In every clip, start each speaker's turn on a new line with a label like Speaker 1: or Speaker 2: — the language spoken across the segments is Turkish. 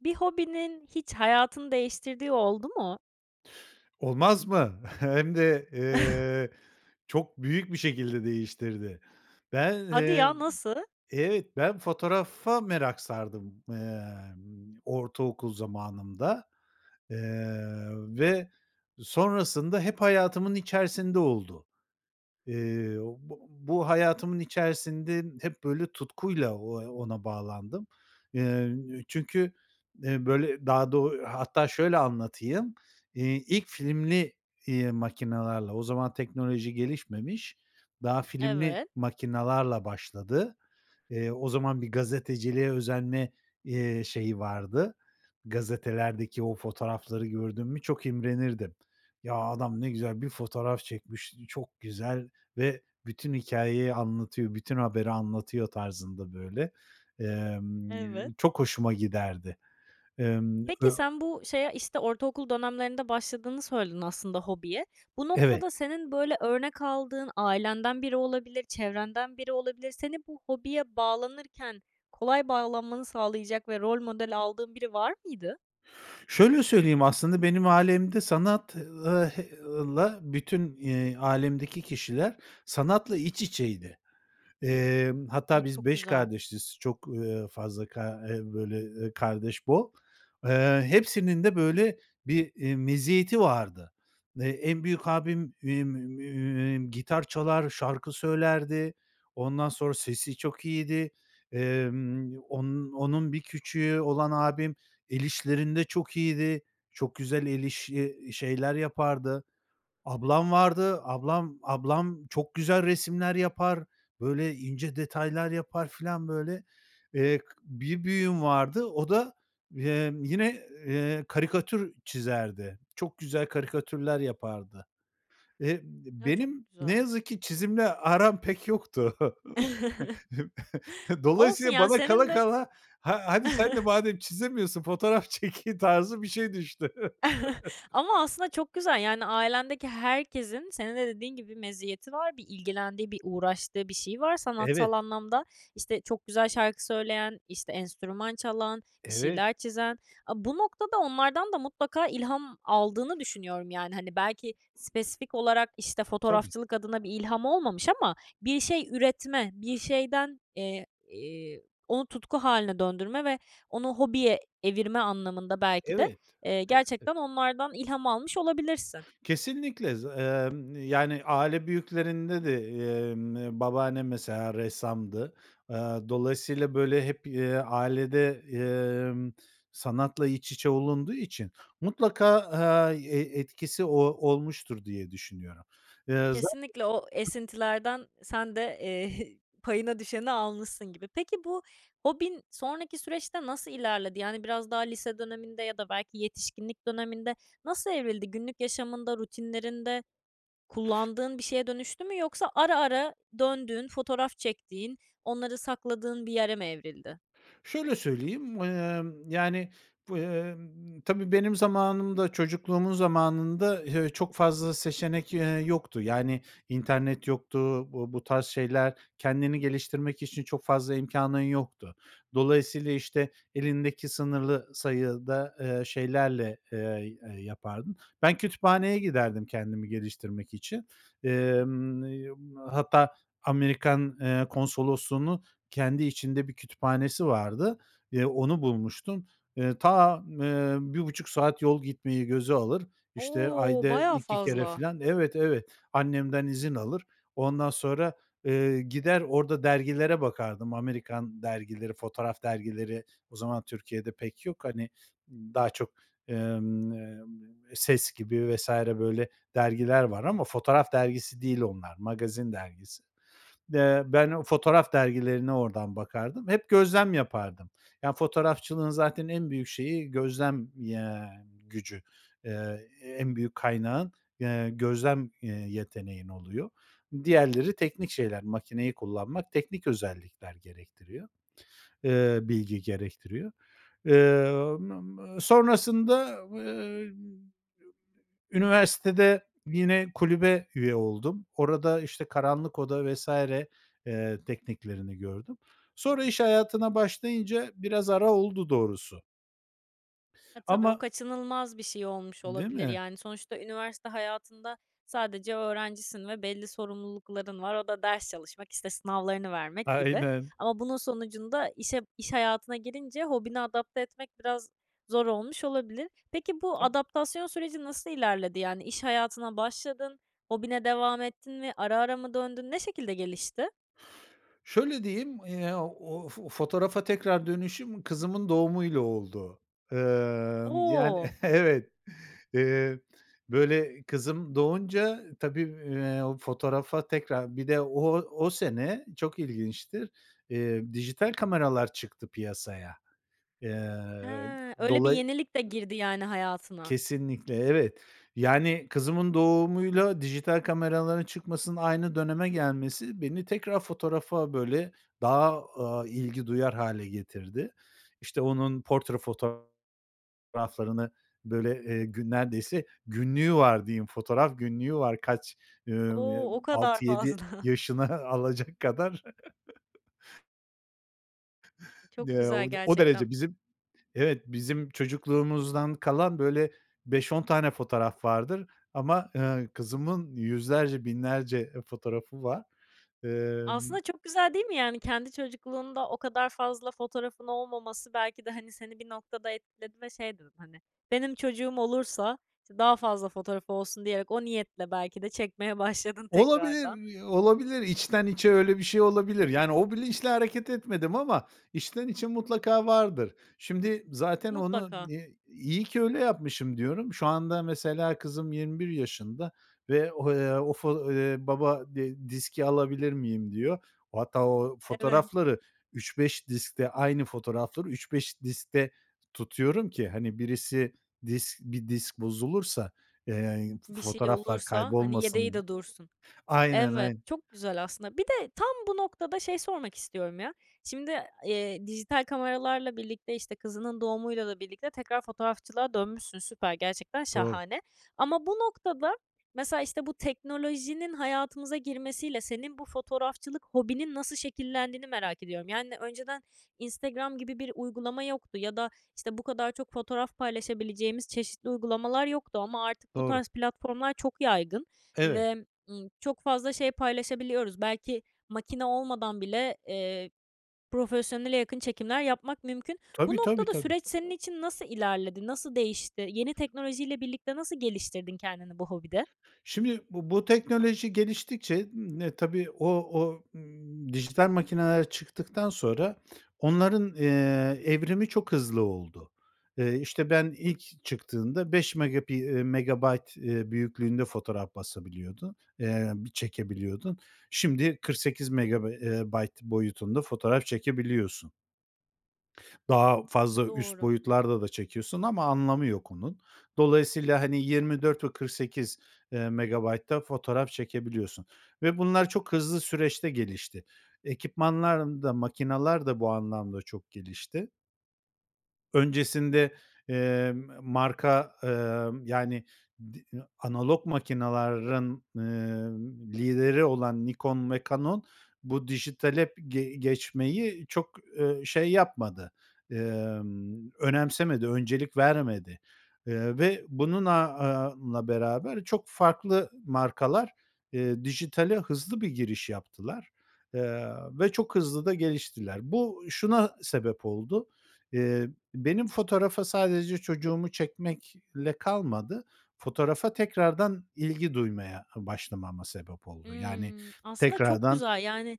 Speaker 1: Bir hobinin hiç hayatını değiştirdiği oldu mu?
Speaker 2: Olmaz mı? Hem de, ııı, çok büyük bir şekilde değiştirdi. Ben,
Speaker 1: Hadi
Speaker 2: ııı
Speaker 1: ya, nasıl?
Speaker 2: Evet, ben fotoğrafa merak sardım, ımm, ortaokul zamanımda, ııı, ve sonrasında hep hayatımın içerisinde oldu. Iıı, bu bu hayatımın içerisinde hep, böyle, tutkuyla o ona bağlandım. Iıı, çünkü, ııı, böyle, daha da o Hatta şöyle anlatayım, iii, ilk filmli, iii, makinalarla, o zaman teknoloji gelişmemiş, daha filmli
Speaker 1: Evet.
Speaker 2: makinalarla başladı. Iıı, o zaman bir gazeteciliğe özenme, ııı, şeyi vardı, gazetelerdeki o fotoğrafları gördüm mü çok imrenirdim. Ya, adam ne güzel bir fotoğraf çekmiş, çok güzel ve bütün hikâyeyi anlatıyor, bütün haberi anlatıyor tarzında, böyle, ımm,
Speaker 1: Evet.
Speaker 2: çok hoşuma giderdi. Imm,
Speaker 1: Peki,
Speaker 2: ö
Speaker 1: sen bu şeye, işte, ortaokul dönemlerinde başladığını söyledin, aslında, hobiye. Bu
Speaker 2: Evet.
Speaker 1: noktada, senin, böyle, örnek aldığın ailenden biri olabilir, çevrenden biri olabilir. Seni bu hobiye bağlanırken kolay bağlanmanı sağlayacak ve rol modeli aldığın biri var mıydı?
Speaker 2: Şöyle söyleyeyim, aslında benim ailemde sanat ııı, h ııı, la bütün, eee, ailemdeki kişiler sanatla iç içeydi. Emm,
Speaker 1: Hı,
Speaker 2: hatta biz
Speaker 1: çok
Speaker 2: 5
Speaker 1: güzel.
Speaker 2: kardeşiz, çok, ııı, fazla ka eee, böyle, eee, kardeş bol, eee, hepsinin de, böyle, bir, iii, meziyeti vardı. Eee, en büyük abim emm, gitar çalar, şarkı söylerdi, ondan sonra sesi çok iyiydi, emm, onun onun bir küçüğü olan abim el işlerinde çok iyiydi, çok güzel el işi şeyler yapardı. Ablam vardı, ablam ablam çok güzel resimler yapar, böyle, ince detaylar yapar filan, böyle, eee, bir büyüğüm vardı, o da, emm, yine, eee, karikatür çizerdi, çok güzel karikatürler yapardı. Eee,
Speaker 1: Ya, çok
Speaker 2: benim ne
Speaker 1: güzel.
Speaker 2: yazık ki çizimle aram pek yoktu.
Speaker 1: Olsun
Speaker 2: Dolayısıyla
Speaker 1: ya,
Speaker 2: bana
Speaker 1: senin
Speaker 2: kala
Speaker 1: de
Speaker 2: kala "Ha hadi sen de madem çizemiyorsun, fotoğraf çek." tarzı bir şey düştü.
Speaker 1: Ama aslında çok güzel, yani, ailendeki herkesin senin de dediğin gibi meziyeti var, bir ilgilendiği, bir uğraştığı bir şey var sanatsal
Speaker 2: Evet.
Speaker 1: anlamda. İşte, çok güzel şarkı söyleyen, işte, enstrüman çalan, bir
Speaker 2: Evet.
Speaker 1: şeyler çizen. A, bu noktada onlardan da mutlaka ilham aldığını düşünüyorum, yani, hani, belki spesifik olarak, işte,
Speaker 2: Tabii.
Speaker 1: fotoğrafçılık adına bir ilham olmamış ama bir şey üretme, bir şeyden, eee, iii, onu tutku hâline döndürme ve onu hobiye evirme anlamında belki de,
Speaker 2: Evet.
Speaker 1: eee,
Speaker 2: Evet.
Speaker 1: gerçekten onlardan ilham almış olabilirsin.
Speaker 2: Kesinlikle, za emm, yani, aile büyüklerinde de, emm, babaannem mesela ressamdı. Aaa, dolayısıyla, böyle, hep, eee, ailede, emm, sanatla iç içe olunduğu için mutlaka, aaa, e etkisi o olmuştur diye düşünüyorum. Eee, zaten
Speaker 1: Kesinlikle o esintilerden sen de, eee, payına düşeni almışsın gibi. Peki, bu hobin sonraki süreçte nasıl ilerledi? Yani, biraz daha lise döneminde ya da belki yetişkinlik döneminde nasıl evrildi? Günlük yaşamında, rutinlerinde kullandığın bir şeye dönüştü mü yoksa ara ara döndüğün, fotoğraf çektiğin, onları sakladığın bir yere mi evrildi?
Speaker 2: Şöyle söyleyeyim, emm, yani, bu, emm, tabii benim zamanımda, çocukluğumun zamanında, eee, çok fazla seçenek, eee, yoktu. Yani, internet yoktu, bu bu tarz şeyler, kendini geliştirmek için çok fazla imkânın yoktu. Dolayısıyla, işte, elindeki sınırlı sayıda, eee, şeylerle, eee, eee, yapardın. Ben kütüphaneye giderdim kendimi geliştirmek için. Emm, emm, hatta Amerikan, eee, Konsolosluğu'nun kendi içinde bir kütüphanesi vardı. Eee, onu bulmuştum. Eee, ta m eee, 1,5 saat yol gitmeyi göze alır, işte,
Speaker 1: O!
Speaker 2: ayda
Speaker 1: Bayağı
Speaker 2: 2 kere
Speaker 1: fazla.
Speaker 2: filan Evet, evet. Annemden izin alır, ondan sonra, eee, gider orada dergilere bakardım. Amerikan dergileri, fotoğraf dergileri o zaman Türkiye'de pek yok. Hani, daha çok, emm, eee, "Ses" gibi vs. böyle dergiler var ama fotoğraf dergisi değil onlar, magazin dergisi. Eee, ben o fotoğraf dergilerine oradan bakardım. Hep gözlem yapardım. Ya, fotoğrafçılığın zaten en büyük şeyi gözlem, ya, gücü. Eee, en büyük kaynağın, eee, gözlem, eee, yeteneğin oluyor. Diğerleri teknik şeyler. Makineyi kullanmak teknik özellikler gerektiriyor, eee, bilgi gerektiriyor. Emm, sonrasında, ııı, üniversitede yine kulübe üye oldum. Orada, işte, karanlık oda vs. eee, tekniklerini gördüm. Sonra iş hayatına başlayınca biraz ara oldu doğrusu.
Speaker 1: E, tabii, o
Speaker 2: Ama
Speaker 1: kaçınılmaz bir şey olmuş
Speaker 2: Değil
Speaker 1: olabilir,
Speaker 2: mi?
Speaker 1: yani, sonuçta üniversite hayatında sadece öğrencisin ve belli sorumlulukların var, o da ders çalışmak, işte, sınavlarını vermek gibi
Speaker 2: Aynen.
Speaker 1: ama bunun sonucunda işe iş hayatına girince hobini adapte etmek biraz zor olmuş olabilir. Peki, bu
Speaker 2: Tabii.
Speaker 1: adaptasyon süreci nasıl ilerledi? Yani, iş hayatına başladın, hobine devam ettin mi, ara ara mı döndün, ne şekilde gelişti?
Speaker 2: Şöyle diyeyim, eee, aaa, o fo fotoğrafa tekrar dönüşüm kızımın doğumuyla oldu. Emm, yani,
Speaker 1: O!
Speaker 2: evet. Eee, böyle, kızım doğunca tabii, eee, fotoğrafa tekrar Bir de o o sene, çok ilginçtir, eee, dijital kameralar çıktı piyasaya. Eee,
Speaker 1: Ha, öyle bir
Speaker 2: dolayı
Speaker 1: yenilik de girdi, yani, hayatına.
Speaker 2: Kesinlikle, evet. Yani kızımın doğumuyla dijital kameraların çıkmasının aynı döneme gelmesi beni tekrar fotoğrafa, böyle, daha, aaa, ilgi duyar hâle getirdi. İşte, onun portre fotoğraflarını, böyle, eee, gün neredeyse günlüğü var diyeyim, fotoğraf günlüğü var kaç, ımm, ııı,
Speaker 1: O! O kadar
Speaker 2: 6-7
Speaker 1: fazla.
Speaker 2: yaşını alacak kadar.
Speaker 1: Çok
Speaker 2: Eee,
Speaker 1: güzel
Speaker 2: o o derece
Speaker 1: gerçekten.
Speaker 2: bizim Evet, bizim çocukluğumuzdan kalan, böyle, 5-10 tane fotoğraf vardır ama, eee, kızımın 100’lerce, 1000’lerce eee, fotoğrafı var. Emm
Speaker 1: Aslında çok güzel, değil mi? Yani, kendi çocukluğunda o kadar fazla fotoğrafın olmaması belki de, hani, seni bir noktada etkiledi ve şey dedin, hani, "Benim çocuğum olursa, işte, daha fazla fotoğrafı olsun." diyerek, o niyetle belki de çekmeye başladın
Speaker 2: Olabilir,
Speaker 1: tekrardan.
Speaker 2: iii, olabilir. İçten içe öyle bir şey olabilir. Yani, o bilinçle hareket etmedim ama içten içe mutlaka vardır. Şimdi zaten onu,
Speaker 1: Mutlaka.
Speaker 2: eee, "iyi ki öyle yapmışım" diyorum. Şu anda mesela kızım 21 yaşında ve, eee, o fo eee, "Baba, d diski alabilir miyim?" diyor. Hatta o
Speaker 1: Evet.
Speaker 2: fotoğrafları 3-5 diskte aynı fotoğrafları 3-5 diskte tutuyorum ki, hani, birisi disk bir disk bozulursa, eee,
Speaker 1: Bir şey
Speaker 2: fotoğraflar
Speaker 1: olursa, hani, yedeği
Speaker 2: kaybolmasın.
Speaker 1: de dursun.
Speaker 2: Aynen,
Speaker 1: Evet,
Speaker 2: ayn
Speaker 1: çok güzel aslında. Bir de tam bu noktada şeyi sormak istiyorum, ya. Şimdi, eee, dijital kameralarla birlikte, işte, kızının doğumuyla da birlikte tekrar fotoğrafçılığa dönmüşsün. Süper, gerçekten
Speaker 2: Doğru.
Speaker 1: şahane ama bu noktada mesela, işte, bu teknolojinin hayatımıza girmesiyle senin bu fotoğrafçılık hobinin nasıl şekillendiğini merak ediyorum. Yani, önceden Instagram gibi bir uygulama yoktu ya da, işte, bu kadar çok fotoğraf paylaşabileceğimiz çeşitli uygulamalar yoktu ama artık bu
Speaker 2: Doğru.
Speaker 1: tarz platformlar çok yaygın
Speaker 2: Evet.
Speaker 1: ve, ımm, çok fazla şey paylaşabiliyoruz. Belki makine olmadan bile, eee, profesyonele yakın çekimler yapmak mümkün. Bu
Speaker 2: Tabii, tabii,
Speaker 1: noktada
Speaker 2: tabii.
Speaker 1: süreç senin için nasıl ilerledi, nasıl değişti? Yeni teknolojiyle birlikte nasıl geliştirdin kendini bu hobide?
Speaker 2: Şimdi, bu bu teknoloji geliştikçe, eee, tabii, o o dijital makineler çıktıktan sonra onların, eee, evrimi çok hızlı oldu. Eee, işte, ben ilk çıktığında beş megapi eee, megabayt, eee, büyüklüğünde fotoğraf basabiliyordu eee, çekebiliyordun. Şimdi kırk sekiz megabe eee, bayt boyutunda fotoğraf çekebiliyorsun. Daha fazla üst
Speaker 1: Doğru.
Speaker 2: boyutlarda da çekiyorsun ama anlamı yok onun. Dolayısıyla, hani, yirmi dört ve kırk sekiz eee, megabaytta fotoğraf çekebiliyorsun ve bunlar çok hızlı süreçte gelişti. Ekipmanların da makinalar da bu anlamda çok gelişti. Öncesinde, eee, m marka, ımm, yani, di analog makinaların, ııı, lideri olan Nikon ve Canon bu dijitale ge geçmeyi çok, ııı, şey yapmadı, ımm, önemsemedi, öncelik vermedi, ııı, ve bunun aaa, a la beraber çok farklı markalar, eee, dijitale hızlı bir giriş yaptılar, ııı, ve çok hızlı da geliştiler. Bu şuna sebep oldu. Eee, benim fotoğrafa sadece çocuğumu çekmekle kalmadı, fotoğrafa tekrardan ilgi duymaya başlamama sebep oldu, yani,
Speaker 1: Hımm, aslında çok
Speaker 2: tekrardan
Speaker 1: güzel, yani,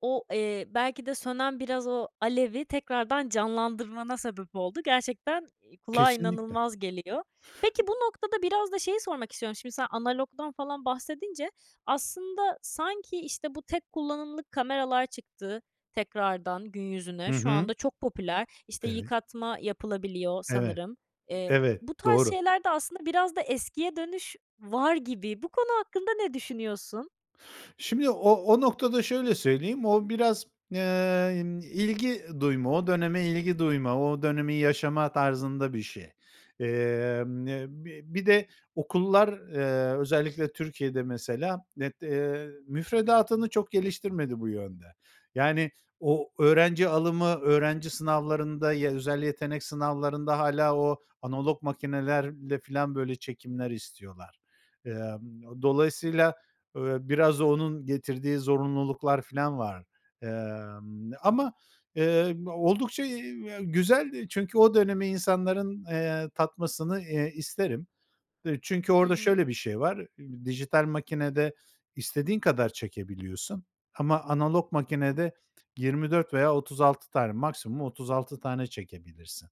Speaker 1: o, eee, belki de sönen biraz o alevi tekrardan canlandırmana sebep oldu. Gerçekten i kulağa
Speaker 2: Kesinlikle.
Speaker 1: inanılmaz geliyor. Peki, bu noktada biraz da şeyi sormak istiyorum. Şimdi sen analogdan falan bahsedince aslında sanki, işte, bu tek kullanımlık kameralar çıktı tekrardan gün
Speaker 2: Hı
Speaker 1: yüzüne. Şu
Speaker 2: hı.
Speaker 1: anda çok popüler. İşte,
Speaker 2: Evet.
Speaker 1: yıkatma yapılabiliyor
Speaker 2: Evet,
Speaker 1: sanırım. Eee,
Speaker 2: evet,
Speaker 1: bu tarz
Speaker 2: doğru.
Speaker 1: şeylerde aslında biraz da eskiye dönüş var gibi. Bu konu hakkında ne düşünüyorsun?
Speaker 2: Şimdi o o noktada şöyle söyleyeyim, o biraz, eee, ımm, ilgi duyma o döneme ilgi duyma, o dönemi yaşama tarzında bir şey. Emm, eee, bi bir de okullar, eee, özellikle Türkiye'de mesela net eee, müfredatını çok geliştirmedi bu yönde. Yani, o öğrenci alımı, öğrenci sınavlarında, ya özel yetenek sınavlarında hâlâ o analog makinelerle filan, böyle, çekimler istiyorlar. Emm, dolayısıyla, ööö, biraz onun getirdiği zorunluluklar filan var. Emm, ama, eee, oldukça, iii, güzel çünkü o dönemi insanların, eee, tatmasını, eee, isterim. E, çünkü
Speaker 1: Hı
Speaker 2: orada
Speaker 1: hı.
Speaker 2: şöyle bir şey var, dijital makinede istediğin kadar çekebiliyorsun ama analog makinede 24 veya 36 tane maksimum 36 tane çekebilirsin,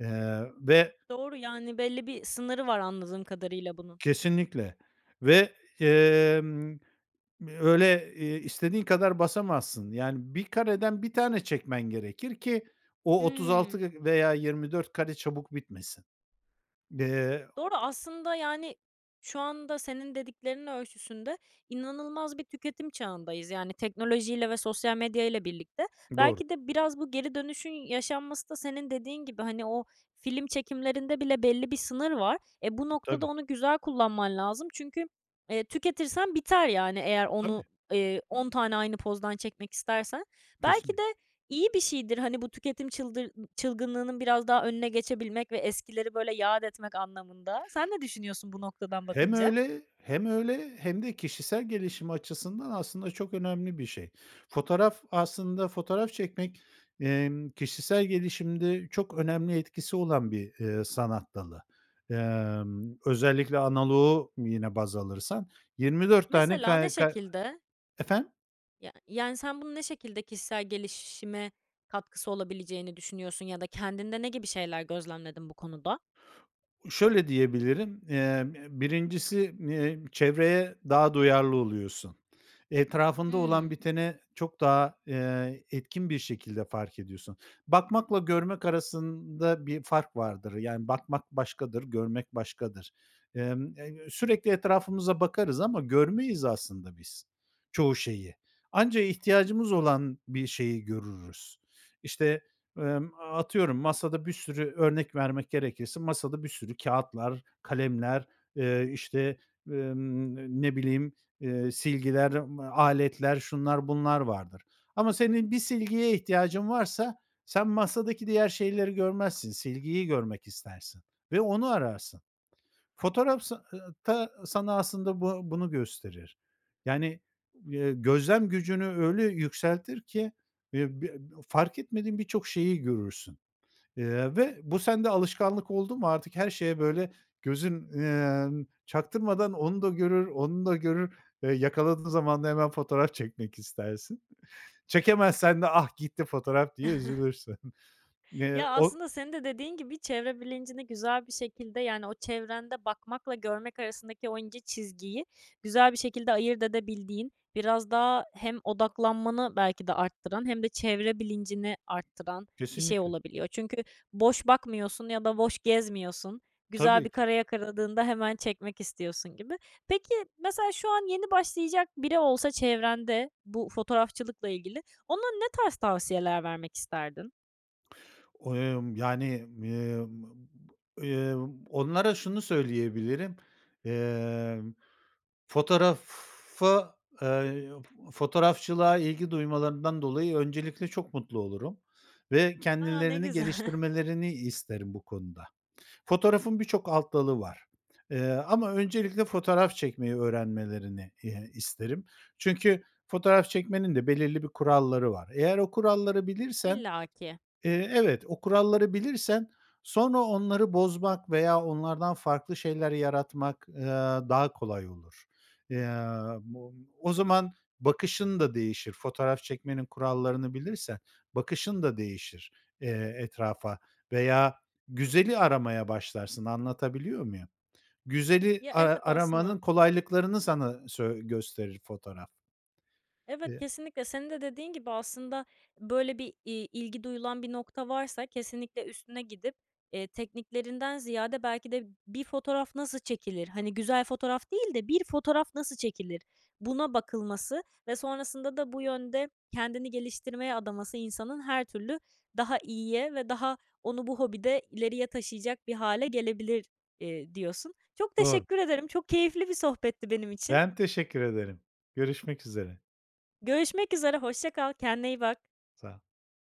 Speaker 2: eee, ve
Speaker 1: Doğru, yani, belli bir sınırı var anladığım kadarıyla bunun.
Speaker 2: Kesinlikle. Ve, emm, öyle, eee, istediğin kadar basamazsın. Yani 1 kareden 1 tane çekmen gerekir ki o otuz
Speaker 1: Hımm.
Speaker 2: altı veya 24 kare çabuk bitmesin. Eee
Speaker 1: Doğru aslında, yani, şu anda senin dediklerinin ölçüsünde inanılmaz bir tüketim çağındayız yani teknolojiyle ve sosyal medyayla birlikte.
Speaker 2: Doğru.
Speaker 1: Belki de biraz bu geri dönüşün yaşanması da senin dediğin gibi, hani, o film çekimlerinde bile belli bir sınır var. E, bu noktada
Speaker 2: Tabii.
Speaker 1: onu güzel kullanman lazım çünkü, eee, tüketirsen biter yani eğer
Speaker 2: Tabii.
Speaker 1: onu, eee, 10 tane aynı pozdan çekmek istersen. Belki de
Speaker 2: Kesinli
Speaker 1: iyi bir şeydir, hani, bu tüketim çıldır çılgınlığının biraz daha önüne geçebilmek ve eskileri, böyle, yâd etmek anlamında. Sen ne düşünüyorsun bu noktadan
Speaker 2: Hem
Speaker 1: bakınca?
Speaker 2: öyle hem öyle hem de kişisel gelişim açısından aslında çok önemli bir şey. Fotoğraf aslında fotoğraf çekmek, emm, kişisel gelişimde çok önemli etkisi olan bir, eee, sanat dalı. Emm, özellikle analoğu yine baz alırsan 24 tane,
Speaker 1: Mesela, ne
Speaker 2: kay ka
Speaker 1: şekilde?
Speaker 2: Efendim?
Speaker 1: Ya yani, sen bunun ne şekilde kişisel gelişime katkısı olabileceğini düşünüyorsun ya da kendinde ne gibi şeyler gözlemledin bu konuda?
Speaker 2: Şöyle diyebilirim, ımm, ııı, 1.’si n iii, çevreye daha duyarlı oluyorsun. Etrafında olan
Speaker 1: Hımm.
Speaker 2: biteni çok daha, ııı, etkin bir şekilde fark ediyorsun. Bakmakla görmek arasında bir fark vardır. Yani, bakmak başkadır, görmek başkadır. Imm, ı ııı, sürekli etrafımıza bakarız ama görmeyiz aslında biz çoğu şeyi. Anca ihtiyacımız olan bir şeyi görürüz. İşte, ımm, atıyorum, masada bir sürü, örnek vermek gerekirse, masada bir sürü kâğıtlar, kalemler, eee, işte, ımm, n ne bileyim, ııı, silgiler, m aletler, şunlar bunlar vardır ama senin bir silgiye ihtiyacın varsa sen masadaki diğer şeyleri görmezsin, silgiyi görmek istersin ve onu ararsın. Fotoğraf sa ııı, ta sana aslında bu bunu gösterir. Yani, ııı, gözlem gücünü öyle yükseltir ki, eee, b fark etmediğin birçok şeyi görürsün, ııı, ve bu sende alışkanlık oldu mu artık her şeye, böyle, gözün, ımm, çaktırmadan onu da görür, onu da görür, eee, yakaladığın zaman da hemen fotoğraf çekmek istersin. Çekemezsen de ah, gitti fotoğraf diye üzülürsün. Eee,
Speaker 1: Ya,
Speaker 2: o
Speaker 1: aslında senin de dediğin gibi çevre bilincini güzel bir şekilde, yani, o çevrende bakmakla görmek arasındaki o ince çizgiyi güzel bir şekilde ayırt edebildiğin, biraz daha hem odaklanmanı belki de arttıran hem de çevre bilincini arttıran bir şey
Speaker 2: Kesinlikle.
Speaker 1: olabiliyor. Çünkü boş bakmıyorsun ya da boş gezmiyorsun. Güzel
Speaker 2: Tabii
Speaker 1: bir
Speaker 2: ki.
Speaker 1: kare yakaladığında hemen çekmek istiyorsun gibi. Peki, mesela, şu an yeni başlayacak biri olsa çevrende bu fotoğrafçılıkla ilgili, ona ne tarz tavsiyeler vermek isterdin?
Speaker 2: O emm, yani, ııı, m b ııı, onlara şunu söyleyebilirim, ımm, fotoğrafa, eee, fotoğrafçılığa ilgi duymalarından dolayı öncelikle çok mutlu olurum ve
Speaker 1: A, ne
Speaker 2: kendilerini
Speaker 1: güzel!
Speaker 2: geliştirmelerini isterim bu konuda. Fotoğrafın birçok alt dalı var, eee, ama öncelikle fotoğraf çekmeyi öğrenmelerini, eee, isterim. Çünkü fotoğraf çekmenin de belirli bir kuralları var. Eğer o kuralları bilirsen,
Speaker 1: İlla ki.
Speaker 2: eee, evet, o kuralları bilirsen, sonra onları bozmak veya onlardan farklı şeyler yaratmak, aaa, daha kolay olur. Eee, o o zaman bakışın da değişir. Fotoğraf çekmenin kurallarını bilirsen, bakışın da değişir, eee, etrafa veya güzeli aramaya başlarsın, anlatabiliyor muyum? Güzeli
Speaker 1: Ya,
Speaker 2: a
Speaker 1: evet
Speaker 2: aramanın
Speaker 1: aslında.
Speaker 2: kolaylıklarını sana söy gösterir fotoğraf.
Speaker 1: Evet,
Speaker 2: Eee
Speaker 1: kesinlikle. Senin de dediğin gibi aslında, böyle, bir, iii, ilgi duyulan bir nokta varsa kesinlikle üstüne gidip, eee, tekniklerinden ziyade belki de bir fotoğraf nasıl çekilir? Hani, güzel fotoğraf değil de bir fotoğraf nasıl çekilir? Buna bakılması ve sonrasında da bu yönde kendini geliştirmeye adaması insanın her türlü daha iyiye ve daha onu bu hobide ileriye taşıyacak bir hâle gelebilir, eee, diyorsun. Çok
Speaker 2: Doğru.
Speaker 1: teşekkür ederim. Çok keyifli bir sohbetti benim için.
Speaker 2: Ben teşekkür ederim. Görüşmek üzere.
Speaker 1: Görüşmek üzere. Hoşça kal. Kendine iyi bak.
Speaker 2: Sağol.